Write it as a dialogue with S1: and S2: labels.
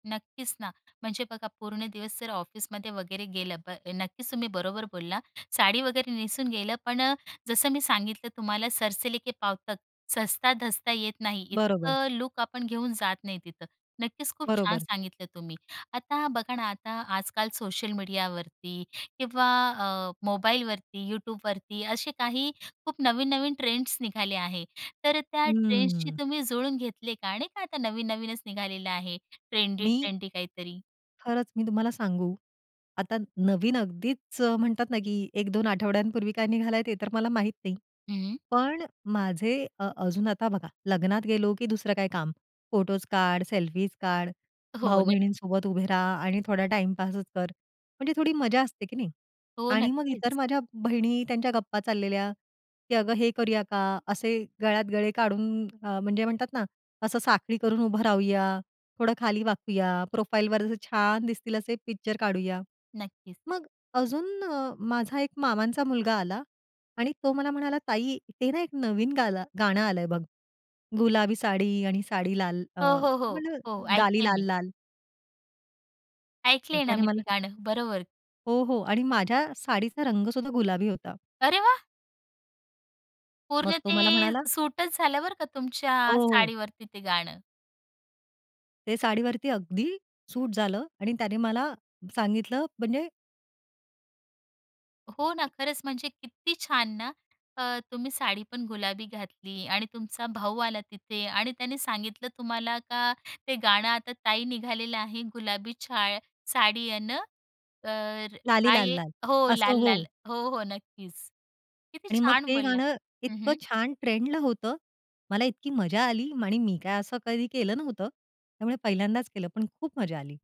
S1: नक्कीच ना, म्हणजे बघा पूर्ण दिवस जर ऑफिसमध्ये वगैरे गेलं, ब नक्कीच तुम्ही बरोबर बोलला. साडी वगैरे नेसून गेलं, पण अ, जसं मी सांगितलं तुम्हाला सरसे ले के पाँव तक सजता धजता येत नाही,
S2: बरोबर.
S1: इतकं लूक आपण घेऊन जात नाही तिथं. नक्कीच खूप छान
S2: बरोबर.
S1: सांगितलं तुम्ही. आता बघा ना, आता आजकाल सोशल मीडियावरती किंवा अ, मोबाईलवरती, YouTubeवरती, असे काही खूप नवीन-नवीन ट्रेंड्स निघाले आहेत. तर अ, त्या ट्रेंड्सची
S2: हं.
S1: तुम्ही जुळून घेतले का? नाही का आता नवीन-नवीनच निघालेलं आहे,
S2: मी
S1: ट्रेंडी-ट्रेंडी, काहीतरी.
S2: खरंच मी तुम्हाला सांगू? आता नवीन अगदीच अ, म्हणतात ना, की 1-2 आठवड्यांपूर्वी काय निघालाय ते तर मला माहित नाही.
S1: हं, हं.
S2: पण माझे अ, अजून आता बघा लग्नात गेलो की दुसरं काय काम फोटोस काढ, सेल्फी काढ,
S1: हो, नक्
S2: भाऊ-बहिणींसोबत उभे रहा आणि थोडा टाईमपासच कर, म्हणजे थोडी मजा असते की नाही
S1: हो,
S2: आणि मग इतर
S1: नक्कीच.
S2: माझ्या बहिणी त्यांच्या गप्पा चाललेल्या, की अगं हे करूया का? असे गळ्यात गळे काढून अ, म्हणजे म्हणतात ना असं साखळी करून उभं राहूया, थोडं खाली वाकूया, प्रोफाइलवर असे छान दिसतील असे पिक्चर काढूया.
S1: नक्कीच.
S2: मग अजून अ, माझा एक मामांचा मुलगा आला आणि तो मला म्हणाला, "ताई ते ना एक नवीन गाला गाणं आलंय बघ. गुलाबी साडी आणि साडी लाल अ,
S1: हो, हो, हो,
S2: म्हटलं
S1: हो,
S2: गाली
S1: ऐकलय
S2: लाल
S1: मी.
S2: लाल." मग
S1: ऐकलंय ना,
S2: त्याने
S1: मी ते
S2: मला
S1: गाणं. बरोबर.
S2: हो, हो आणि माझ्या साडीचा रंग सुद्धा गुलाबी होता.
S1: अरे वाह!
S2: मग
S1: पूर्ण
S2: तो
S1: ते
S2: मला म्हणाला
S1: सूटच झालं बरं का तुमच्या
S2: हो.
S1: साडीवरती ते गाणं.
S2: ते साडीवरती अगदी सूट झालं आणि त्याने मला सांगितलं. म्हणजे
S1: हो ना. खरंच म्हणजे किती छान ना. अ, तुम्ही साडी पण गुलाबी घातली आणि तुमचा भाऊ आला तिथे आणि त्याने सांगितलं तुम्हाला का ते गाणं आता ताई निघालेलं आहे. गुलाबी छाया साडी आहे ना, तर
S2: लाली
S1: कायआहे?
S2: लाल-लाल.
S1: हो,
S2: असं
S1: लाल,
S2: हो.
S1: लाल, हो, हो, नक्कीच. किती
S2: आणि मग
S1: छान
S2: ते
S1: बोलला
S2: गाणं
S1: हं,
S2: इतकं
S1: हं.
S2: छान ट्रेंडला होतं. मला इतकी मजा आली आणि मी काय असं कधी केलं नव्हतं. त्यामुळे पहिल्यांदाच केलं, पण खूप मजा आली.